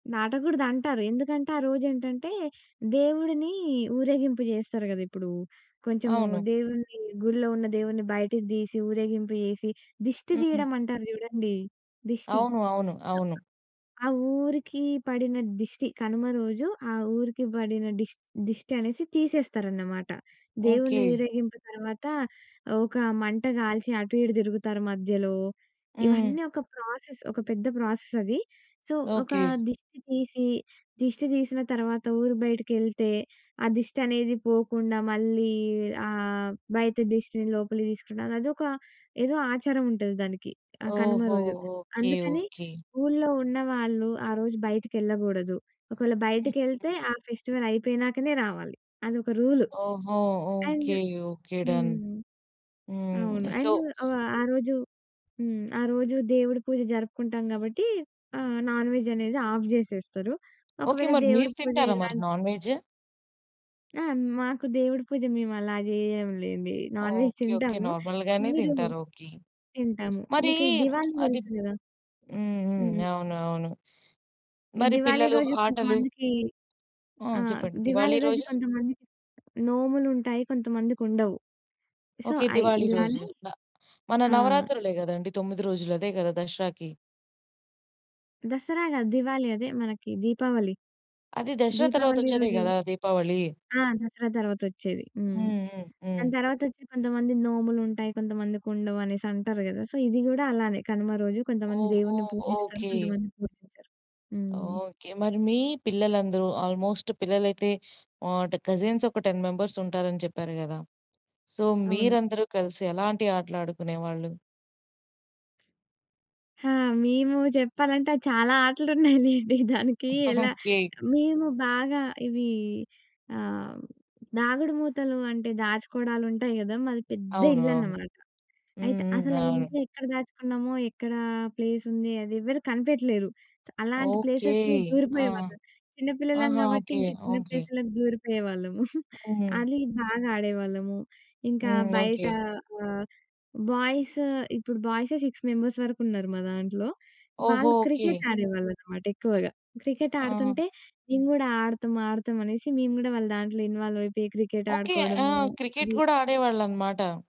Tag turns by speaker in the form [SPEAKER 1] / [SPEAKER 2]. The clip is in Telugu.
[SPEAKER 1] దాటగూడదంటారు. ఎందుకంటే, ఆ రోజేంటంటే, దేవుడిని ఊరేగింపు జేస్తరు గద ఇప్పుడూ, కొంచము
[SPEAKER 2] అవును.
[SPEAKER 1] దేవున్ని, గుడిలో ఉన్న దేవున్ని బయటికి తీసి, ఊరేగింపు చేసి, దిష్టి
[SPEAKER 2] హ్మ్.
[SPEAKER 1] తియ్యడమంటారు జూడండి, దిష్టి.
[SPEAKER 2] అవును. అవును. అవును.
[SPEAKER 1] సో ఆ ఊరికీ పడిన దిష్టి కనుమ రోజు, ఆ ఊరికి బడిన డిష్ దిష్టినేసి తీసేస్తారన్నమాట. దేవుని
[SPEAKER 2] ఓకే.
[SPEAKER 1] ఊరేగింపు తర్వాత, ఒక మంట గాల్చి, అటు ఇటు దిరుగుతారు మధ్యలో,
[SPEAKER 2] హ్మ్.
[SPEAKER 1] ఇవన్నీ ఒక ప్రాసెస్. ఒక పెద్ద ప్రాసెసది. సో, ఒకా
[SPEAKER 2] ఓకే.
[SPEAKER 1] దిష్టి తీసీ, దిష్టి తీసిన తర్వాత ఊరు బయటకెళ్తే, ఆ దిష్టనేది పోకుండా మళ్ళీ ఆహ్, బయట దిష్టిని లోపలికి తీసుకునిరాదు. అదొక ఏదో ఆచారముంటది దానికి ఆహ్, కనుమ
[SPEAKER 2] ఓహో!
[SPEAKER 1] రోజు.
[SPEAKER 2] ఓకే.
[SPEAKER 1] అందుకని
[SPEAKER 2] ఓకే.
[SPEAKER 1] ఊళ్ళో ఉన్నవాళ్ళు, ఆ రోజు బయటికెళ్ళగూడదు. ఒకవేళ
[SPEAKER 2] హ్మ్.
[SPEAKER 1] బయటకెళ్తే
[SPEAKER 2] హ్మ్.
[SPEAKER 1] ఆ ఫెస్టివలయిపోయినాకనే రావాలి. అదొక రూలు.
[SPEAKER 2] ఓహో!
[SPEAKER 1] And
[SPEAKER 2] okay. ఓకే. డన్.
[SPEAKER 1] హ్మ్. అవును.
[SPEAKER 2] హ్మ్. సో
[SPEAKER 1] అండ్ ఆహ్, ఆ రోజు హ్మ్. ఆ రోజు దేవుడి పూజ జరుపుకుంటాం గాబట్టీ, ఆహ్, నాన్‌వెజ్ అనేది ఆఫ్ జేసేస్తరు.
[SPEAKER 2] ఓకే.
[SPEAKER 1] ఒకవేళ
[SPEAKER 2] మరి
[SPEAKER 1] దేవుడి
[SPEAKER 2] మీరు
[SPEAKER 1] పూజ
[SPEAKER 2] తింటారా మరి
[SPEAKER 1] ఇలాన్
[SPEAKER 2] నాన్‌వెజ్?
[SPEAKER 1] ఆ! మాకు దేవుడి పూజ మేమలా జెయ్యములేండి. Non-veg
[SPEAKER 2] okay. ఓకే.
[SPEAKER 1] తింటాము.
[SPEAKER 2] నార్మల్‌గానే
[SPEAKER 1] మీరూ
[SPEAKER 2] తింటారు. ఓకే.
[SPEAKER 1] తింటాము.
[SPEAKER 2] మరీ
[SPEAKER 1] మీకు ఈ దివాళి
[SPEAKER 2] అది
[SPEAKER 1] తెలుసు గదా!
[SPEAKER 2] హ్మ్. హ్మ్.
[SPEAKER 1] హ్మ్.
[SPEAKER 2] అవును. అవును.
[SPEAKER 1] ఈ
[SPEAKER 2] మరి
[SPEAKER 1] దివాళి
[SPEAKER 2] పిల్లలు,
[SPEAKER 1] రోజు
[SPEAKER 2] ఆటలు.
[SPEAKER 1] కొంతమందికీ
[SPEAKER 2] ఆ!
[SPEAKER 1] ఆ!
[SPEAKER 2] చెప్పండి.
[SPEAKER 1] దివాళి
[SPEAKER 2] దివాళీ
[SPEAKER 1] రోజు
[SPEAKER 2] రోజు.
[SPEAKER 1] కొంతమందికి నోములుంటాయి. కొంతమందికుండవు. So,
[SPEAKER 2] okay.
[SPEAKER 1] అయి
[SPEAKER 2] దివాళి రోజు.
[SPEAKER 1] ఇలానే
[SPEAKER 2] న మన
[SPEAKER 1] ఆ!
[SPEAKER 2] నవరాత్రులే గదండీ, 9 రోజులదే గదా దసరాకి.
[SPEAKER 1] దసరా గాదు, దివాళి. అదే మనకి దీపావళి.
[SPEAKER 2] అది దసరా
[SPEAKER 1] దీపావళి
[SPEAKER 2] తర్వాతొచ్చేదే
[SPEAKER 1] రోజు
[SPEAKER 2] గదా దీపావళి.
[SPEAKER 1] ఆ! దసరా తర్వాతొచ్చేది. హ్మ్.
[SPEAKER 2] హ్మ్. హ్మ్.
[SPEAKER 1] దాని
[SPEAKER 2] హ్మ్.
[SPEAKER 1] తర్వాతొచ్చే కొంతమంది నోములుంటాయి, కొంతమందికుండవనేసంటారు గదా! సో, ఇది గూడా అలానే. కనుమ రోజు కొంతమంది
[SPEAKER 2] ఓహో!
[SPEAKER 1] దేవుడిని పూజిస్తారు.
[SPEAKER 2] ఓకే.
[SPEAKER 1] కొంతమంది పూజించరు. హ్మ్.
[SPEAKER 2] ఓకే. మరి మీ పిల్లలందరూ ఆల్మోస్ట్ పిల్లలైతే ఆట్ కజిన్సొక 10 మెంబర్సుంటారని చెప్పారు గదా! సో,
[SPEAKER 1] అవును.
[SPEAKER 2] మీరందరూ కలిసి ఎలాంటి ఆటలు ఆడుకునేవాళ్ళు?
[SPEAKER 1] ఆ! మేమూ చెప్పాలంటే, ఆహ్, చాలా ఆటలున్నాయిలేండి. దానికీ ఎలా
[SPEAKER 2] ఓకే.
[SPEAKER 1] మేము బాగా ఇవీ ఆహ్, దాగుడు మూతలు అంటే దాచుకోవడాలుంటాయి గదా! మాది పెద్ద
[SPEAKER 2] అవును. అవును.
[SPEAKER 1] ఇళ్లన్నమాట.
[SPEAKER 2] హ్మ్.
[SPEAKER 1] అయితే, అసల
[SPEAKER 2] హ్మ్.
[SPEAKER 1] ఆ
[SPEAKER 2] అవును.
[SPEAKER 1] ఇంట్లో ఎక్కడ దాచుకున్నామో, ఎక్కడా ప్లేసుంది అదెవ్వరు కనిపెట్టలేరు. స్ అలాంటి
[SPEAKER 2] ఓకే.
[SPEAKER 1] ప్లేసెస్‌లో
[SPEAKER 2] ఆ!
[SPEAKER 1] దూరిపోయేవాళ్ళం. చిన్న పిల్లలం
[SPEAKER 2] ఆహా!
[SPEAKER 1] గాబట్టి,
[SPEAKER 2] ఓకే.
[SPEAKER 1] ఇంక చిన్న
[SPEAKER 2] ఓకే.
[SPEAKER 1] ప్లేస్‌లకి దూరిపోయేవాళ్ళము.
[SPEAKER 2] హ్మ్.
[SPEAKER 1] అది బాగా ఆడేవాళ్ళము. ఇంకా
[SPEAKER 2] హ్మ్. ఓకే.
[SPEAKER 1] బయటా ఆహ్, బాయ్స్, ఇప్పుడు బాయ్సే 6 మెంబర్స్ వరుకున్నారు మా దాంట్లో.
[SPEAKER 2] ఓహో!
[SPEAKER 1] వాళ్ళు
[SPEAKER 2] ఓకే.
[SPEAKER 1] క్రికెట్ ఆడేవాళ్ళనమాట ఎక్కువగా. క్రికెట్
[SPEAKER 2] ఆ!
[SPEAKER 1] ఆడుతుంటే, నేను గూడా ఆడతాం, ఆడతాం అనేసి మేము గూడా వాళ్ళ దాంట్లో ఇన్వాల్వయిపోయి క్రికెట్
[SPEAKER 2] ఓకే. ఆ!
[SPEAKER 1] ఆడుకోవడము
[SPEAKER 2] క్రికెట్
[SPEAKER 1] అది.
[SPEAKER 2] గూడా ఆడేవాళ్ళనమాట.